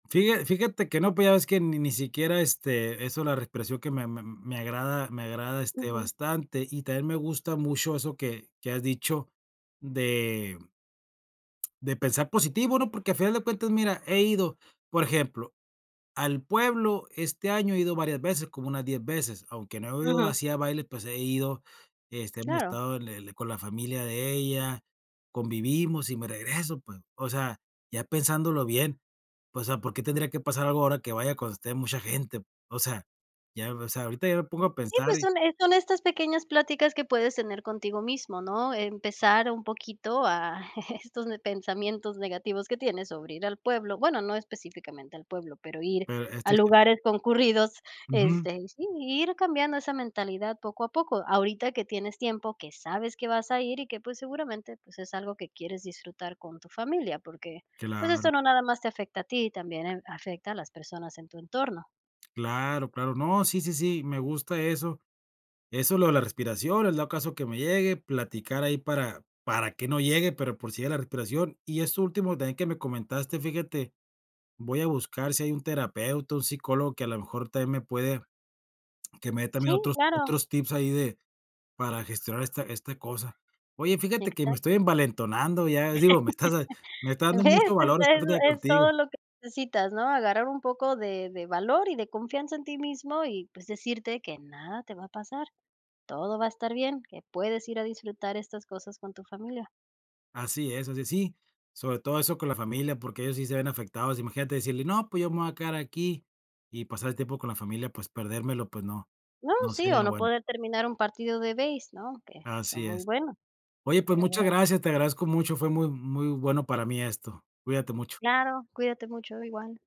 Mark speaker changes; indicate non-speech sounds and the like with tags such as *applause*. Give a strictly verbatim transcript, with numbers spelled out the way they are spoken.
Speaker 1: Fíja fíjate que no, pues, ya ves que ni ni siquiera, este, eso de la respiración que me me me agrada, me agrada, este,
Speaker 2: Ujú.
Speaker 1: bastante, y también me gusta mucho eso que que has dicho de de pensar positivo, ¿no? Porque al final de cuentas, mira, he ido, por ejemplo, al pueblo, este año he ido varias veces, como unas diez veces, aunque no he ido
Speaker 2: Ujú.
Speaker 1: así a baile, pues, he ido, este, hemos
Speaker 2: Claro.
Speaker 1: estado en el con la familia de ella, convivimos y me regreso, pues. O sea, ya pensándolo bien, o sea, ¿por qué tendría que pasar algo ahora que vaya cuando esté mucha gente? O sea, ya o sea, ahorita ya me pongo a
Speaker 2: Y,
Speaker 1: pensar
Speaker 2: pues,
Speaker 1: y
Speaker 2: son e son estas pequeñas pláticas que puedes tener contigo mismo, ¿no? Empezar un poquito a *chuckles* estos ne pensamientos negativos que tienes sobre ir al pueblo bueno, no específicamente al pueblo, pero ir
Speaker 1: Pero a
Speaker 2: a
Speaker 1: estos
Speaker 2: lugares concurridos,
Speaker 1: Ujú.
Speaker 2: este, y sí, ir cambiando esa mentalidad poco a poco. Ahorita que tienes tiempo, que sabes que vas a ir y que, pues, seguramente, pues, es algo que quieres disfrutar con tu familia, porque, pues, esto
Speaker 1: Claro.
Speaker 2: no nada más te afecta a ti, también en afecta a las personas en tu entorno.
Speaker 1: Claro, claro. No, sí, sí, sí, me gusta eso. Eso, lo de la respiración, el dado caso que me llegue, platicar ahí para para que no llegue, pero por si llega la respiración. Y eso último también que me comentaste, fíjate, voy a buscar si hay un terapeuta, un psicólogo que a lo mejor también me puede que me dé también
Speaker 2: Sí,
Speaker 1: otros
Speaker 2: claro.
Speaker 1: otros tips ahí de para gestionar esta esta cosa. Oye, fíjate que me estoy
Speaker 2: Exacto.
Speaker 1: envalentonando, ya digo, me estás me
Speaker 2: *chuckles*
Speaker 1: está dando
Speaker 2: Ves,
Speaker 1: mucho valor,
Speaker 2: esta
Speaker 1: estando *unintelligible*
Speaker 2: es
Speaker 1: contigo.
Speaker 2: todo lo que sitas, ¿no? Agarrar un poco de de valor y de confianza en ti mismo y, pues, decirte que nada te va a pasar. Todo va a estar bien, que puedes ir a disfrutar estas cosas con tu familia.
Speaker 1: Así es, así es. Sí. Sobre todo eso con la familia, porque ellos sí se ven afectados, imagínate decirle: “No, pues, yo me voy a quedar aquí" y pasar el tiempo con la familia, pues, perdérmelo, pues no,
Speaker 2: No,
Speaker 1: no
Speaker 2: sí,
Speaker 1: sería
Speaker 2: o
Speaker 1: lo
Speaker 2: no
Speaker 1: bueno.
Speaker 2: poder terminar un partido de beis, ¿no? Que son
Speaker 1: Así
Speaker 2: muy
Speaker 1: es.
Speaker 2: buenos,
Speaker 1: Oye, pues
Speaker 2: pero
Speaker 1: muchas
Speaker 2: bueno.
Speaker 1: gracias. Te agradezco mucho. Fue muy muy bueno para mí esto. Cuídate mucho.
Speaker 2: Claro, cuídate mucho. Igual.